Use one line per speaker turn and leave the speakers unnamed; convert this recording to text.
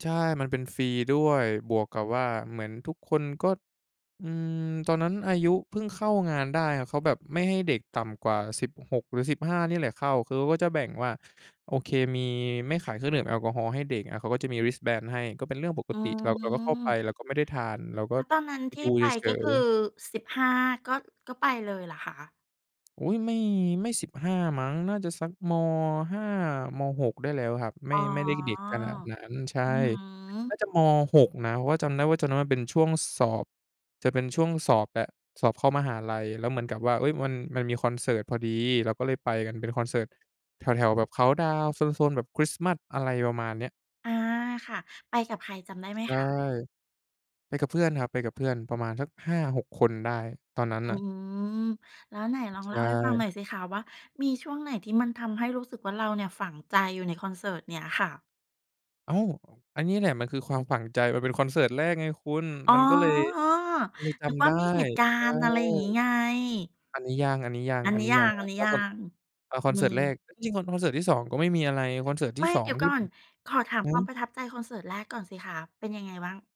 ใช่ มันเป็นฟรีด้วย บวกกับว่าเหมือนทุกคนก็ อืม ตอนนั้นอายุเพิ่งเข้างานได้ เขาแบบไม่ให้เด็กต่ำกว่า 16 หรือ 15 เนี่ยแหละเข้า คือเขาก็จะแบ่งว่า โอเค มี ไม่ขายเครื่องดื่มแอลกอฮอล์ให้เด็ก อา เขาก็จะมี Wristband ให้ ก็เป็นเรื่องปก
อื
ติ เรา เราก็เข้าไป
ม
เราก็ไม่ได้ทาน เราก็
แล้วตอนนั้น
ไป
ที
ด
่
ู
ไป
เฉ
ก็ค
ย
ือ
ๆ
15 ก็ ก็ไปเลยเหรอคะ?
อุ๊ย ไม่ ไม่ 15 มั้ง น่าจะสัก ม. 5 ม. 6 ได้แล้วครับ ไม
อ
่
๋อ
ไม่ได้เด็กขนาดนั้น ใช่
อือฮ
น่
ึ
าจะ ม. 6 นะ เพราะว่าจำได้ว่าตอน นั้นมันเป็นช่วงสอบ จะเป็นช่วงสอบแบบสอบเข้ามหาลัย แล้วเหมือนกับว่า เอ๊ย มัน มันมีคอนเสิร์ตพอดี เราก็เลยไปกัน เป็นคอนเสิร์ตแถว ๆ แบบเคานต์ดาวน์ โซน ๆ แบบคริสต์มาส อะไรประมาณเนี้ย
อา ค่ะ ไปกับใครจำได้ไหม
ใช่
คะ?
ไปกับเพื่อนครับ ไปกับเพื่อนประมาณสัก 5-6 คนได้ตอนนั้น
อื
น่ะ
อ แล้วไหนลอ
ใ
ง
ช
เล่าให้ฟังห
่
น่อยสิคะ ว่ามีช่วงไหนที่มันทำให้รู้สึกว่าเราเนี่ยฝังใจอยู่ในคอนเสิร์ตเนี้ยค่ะ?
อ้าว อ อันนี้แหละมันคือความฝังใจ มันเป็นคอนเสิร์ตแรกไงคุณ
อ๋อ
มันก็เลย ก็เลยจ
นึก
ำ
ว่
ได
า
้
มีเหตุกา
ใช่
รณ์ อะไรอย่างงี้ไง
อันนี้ยัง อันนี้ยัง
อัน
อั
น
น
ี้
นี้
ยั
ยัง
ง อ
ค
ั
รั
น
บ
นี้
แล้
ย
ว
ั
คอน
ง
เอาค
อื
อนเสิร์ตแร
ม
ก เอ๊ย จริง ๆ คอน คอนเสิร์ตที่ 2 ก็ไม่มีอะไร คอนเสิร์ตท
ไม
ี่
่
สอ
เด
ง
ี๋ยว
ที
ก
่
่อ
ผ
น
ม
ขอถาม
อือ
คว
ฮ
าม
ึ
ประทับใจคอนเสิร์ตแรกก่อนสิคะเป็นยังไงบ้าง?